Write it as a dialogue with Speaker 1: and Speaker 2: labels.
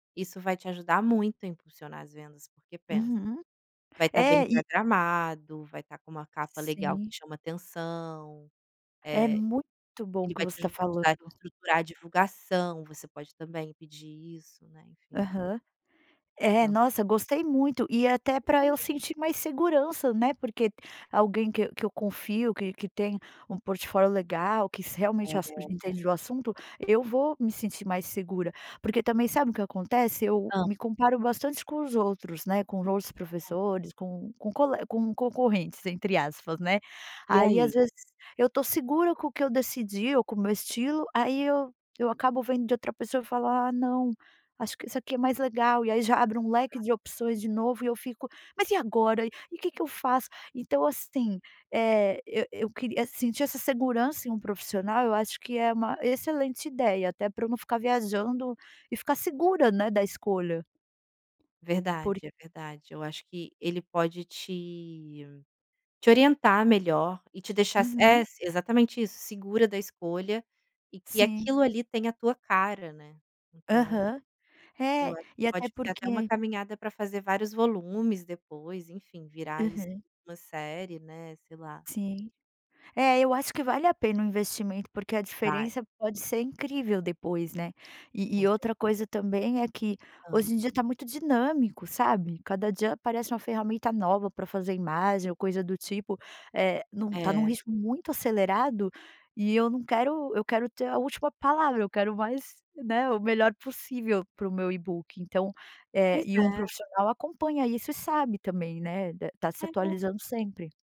Speaker 1: Isso vai te ajudar muito a impulsionar as vendas, porque pensa:
Speaker 2: Uhum.
Speaker 1: vai estar
Speaker 2: É
Speaker 1: bem
Speaker 2: e
Speaker 1: programado, vai estar com uma capa legal que
Speaker 2: Sim.
Speaker 1: chama atenção,
Speaker 2: É
Speaker 1: eh,
Speaker 2: muito bom o
Speaker 1: ele
Speaker 2: que
Speaker 1: vai
Speaker 2: você
Speaker 1: te
Speaker 2: tá
Speaker 1: ajudar
Speaker 2: falando.
Speaker 1: a estruturar a divulgação. Você pode também pedir isso, né, enfim.
Speaker 2: Aham. É,
Speaker 1: Tã.
Speaker 2: nossa, gostei muito. E até pra eu
Speaker 1: [unintelligible]
Speaker 2: sentir mais segurança, né, porque alguém que que eu confio que que tem um portfólio legal que s realmente
Speaker 1: Pois
Speaker 2: já
Speaker 1: é.
Speaker 2: entende do assunto, eu vou me sentir mais segura. Porque também sabe o que acontece? Eu
Speaker 1: Hã.
Speaker 2: me comparo bastante com os outros, né, com os outros
Speaker 1: Hum.
Speaker 2: professores, com com cole "com concorrentes", entre aspas, né.
Speaker 1: E
Speaker 2: Aí, às
Speaker 1: aí?
Speaker 2: vezes, eu tô segura com o que eu decidi ou com o meu estilo, aí, eu eu acabo vendo de outra pessoa falar: "Ah, não. Acho que isso aqui é mais legal". E aí, já abre um leque
Speaker 1: Ah.
Speaker 2: de opções de novo e eu fico: "Mas e agora? E o que que eu faço?". Então, assim, eh, eu eu queria sentir essa segurança em um profissional. Eu acho que é uma excelente ideia até para eu não ficar viajando e ficar segura, né, da escolha. Por
Speaker 1: Verdade. É verdade. Eu acho que ele pode te te orientar melhor e te deixar s é,
Speaker 2: Uhum.
Speaker 1: exatamente isso. Segura da escolha e que
Speaker 2: Sim.
Speaker 1: aquilo ali tem a tua cara, né. Então
Speaker 2: Aham.
Speaker 1: eu
Speaker 2: É,
Speaker 1: acho que
Speaker 2: e
Speaker 1: pode
Speaker 2: até
Speaker 1: ser até uma
Speaker 2: porque
Speaker 1: caminhada pra fazer vários volumes, depois, enfim, virar isso
Speaker 2: Aham.
Speaker 1: uma série, né, sei lá.
Speaker 2: Sim. É, eu acho que vale a pena o investimento, porque a
Speaker 1: Vai.
Speaker 2: diferença pode ser incrível depois, né. E
Speaker 1: Não
Speaker 2: e
Speaker 1: sei.
Speaker 2: outra coisa, também, é que
Speaker 1: Hã.
Speaker 2: hoje em dia tá muito dinâmico, sabe? Cada dia aparece uma ferramenta nova pra fazer imagem ou coisa do tipo, eh, não tá num
Speaker 1: É.
Speaker 2: ritmo muito acelerado e eu não quero eu quero ter a última palavra. Eu quero mais, né, o melhor possível para o meu e-book. Então, eh,
Speaker 1: Pois
Speaker 2: e um
Speaker 1: é.
Speaker 2: profissional acompanha isso e sabe também, né, d tá se
Speaker 1: É.
Speaker 2: atualizando sempre.